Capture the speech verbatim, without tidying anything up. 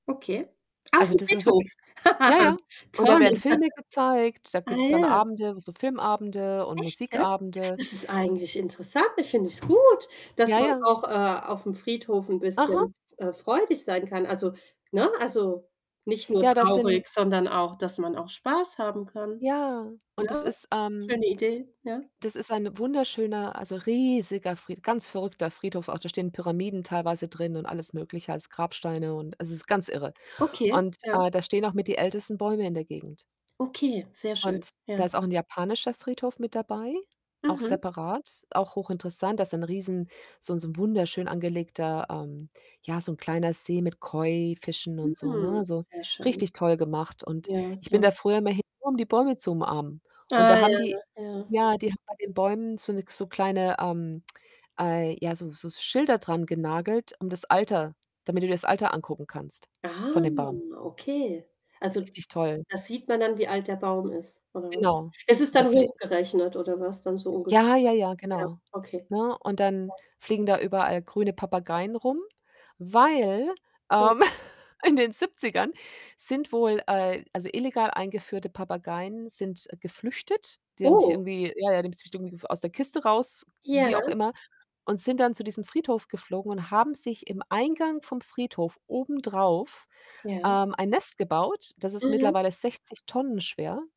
Okay. Also, Auf'm das ist Friedhof. wirkli ja, ja und da Toll. werden Filme gezeigt, da Ah, gibt's dann ja. Abende, w so Filmabende und Echt, jetzt? Musikabende. Das ist J eigentlich interessant. [unintelligible] finde ich's gut, dass Ja, man ja. auch, äh, auf'm Friedhof 'n Aha. bisschen f äh, freudig sein kann. Also, ne also, nicht nur Ja, das sind traurig, sondern auch, dass man auch Spaß haben kann, Ja, und das ne? ist, ähm Schöne Idee, ja. das ist ein wunderschöner, also, riesiger, Fried ganz verrückter Friedhof. Auch da stehen Pyramiden teilweise drin und alles Mögliche als Grabsteine und also, es ist ganz irre Okay, und, ja. äh, da stehen auch mit die ältesten Bäume in der Gegend. Okay, sehr schön, Und da ja. ist auch 'n japanischer Friedhof mit dabei, auch Mhm. separat, auch hochinteressant. Da ist ein riesen, so 'n so 'n wunderschön angelegter, ähm ja, so 'n kleiner See mit Koi-Fischen und so, ne, Hm, also, sehr schön. richtig toll gemacht und Ja, ich bin ja. da früher immer hin, nur um die Bäume zu umarmen und da Ah, haben die ja, ja. ja, die haben bei den Bäumen so 'ne k so kleine, ähm, äh ja, so so Schilder dran genagelt, um das Alter damit du dir das Alter angucken kannst von Ah, dem Baum. okay. Ist Also, richtig toll. da sieht man dann, wie alt der Baum ist oder was? Genau. Ist es dann [unintelligible] hochgerechnet oder was dann so ungefähr? Ja, ja, ja, Ja, genau, okay. ne? Und Ja. dann fliegen da überall grüne Papageien rum, weil, Ja. ähm, in den Siebzigern sind wohl, äh also, illegal eingeführte Papageien sind geflüchtet. Die haben sich Oh. irgendwie ja, ja, [unintelligible] irgendwie aus der Kiste raus, Ja. wie auch immer und sind dann zu diesem Friedhof geflogen und haben sich im Eingang vom Friedhof obendrauf, Ja. ähm, ein Nest gebaut. Das ist Mhm. mittlerweile sechzig Tonnen schwer.